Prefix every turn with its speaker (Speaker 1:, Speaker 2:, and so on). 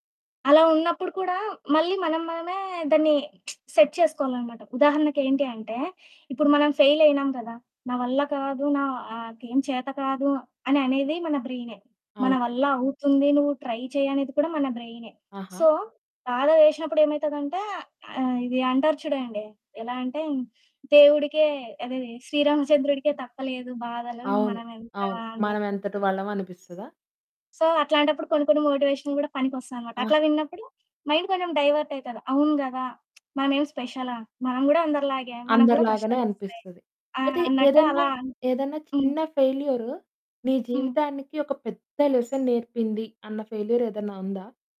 Speaker 1: అలా ఉన్నప్పుడు కూడా మళ్ళీ మనం మనమే దాన్ని సెట్ చేసుకోవాలనమాట. ఉదాహరణకి ఏంటి అంటే ఇప్పుడు మనం ఫెయిల్ అయినాం కదా! నా వల్ల కాదు నాకేం చేత కాదు అని అనేది మన బ్రైనే. మన
Speaker 2: అవు
Speaker 1: వల్ల అవుతుంది నువ్వు ట్రై చెయ్యనేది కూడా మన బ్రైనే.
Speaker 2: ఆహా!
Speaker 1: సో బాధ వేసినప్పుడు ఏమైతదంటే ఆహ్, ఇది అంటారు చూడండి. ఎలా అంటే దేవుడికే అదే 'శ్రీరామచంద్రుడికే' తప్పలేదు బాధలు
Speaker 2: అవును.
Speaker 1: మనమెంత
Speaker 2: అవును.
Speaker 1: అన్నట్టు.
Speaker 2: మనమెంతటి వాళ్ళమనిపిస్తదా?
Speaker 1: సో అట్లాంటప్పుడు కొన్ని కొన్ని మోటివేషన్ కూడా పనికొస్తాయన్నమాట.
Speaker 2: ఆహా!
Speaker 1: అట్లా విన్నప్పుడు మైండ్ కొంచెం డైవర్ట్ అయితది. అవును గదా! మనమేమి స్పెషలా? మనం గూడా అందరిలాగే మనకు గూడా
Speaker 2: అందరిలాగానే
Speaker 1: కష్టాలొస్తాయి
Speaker 2: అనిపిస్తది.
Speaker 1: ఆహ్,
Speaker 2: అయితే
Speaker 1: అన్నట్టు
Speaker 2: ఏదైన్నా
Speaker 1: అలా.
Speaker 2: ఏదన్నా
Speaker 1: హ్మ్.
Speaker 2: చిన్న ఫెయిల్యూరు నీ
Speaker 1: హ్మ్.
Speaker 2: జీవితానికి ఒక పెద్ద లెసన్ నేర్పింది అన్న ఫెయిల్యూర్ ఏదన్నా ఉందా?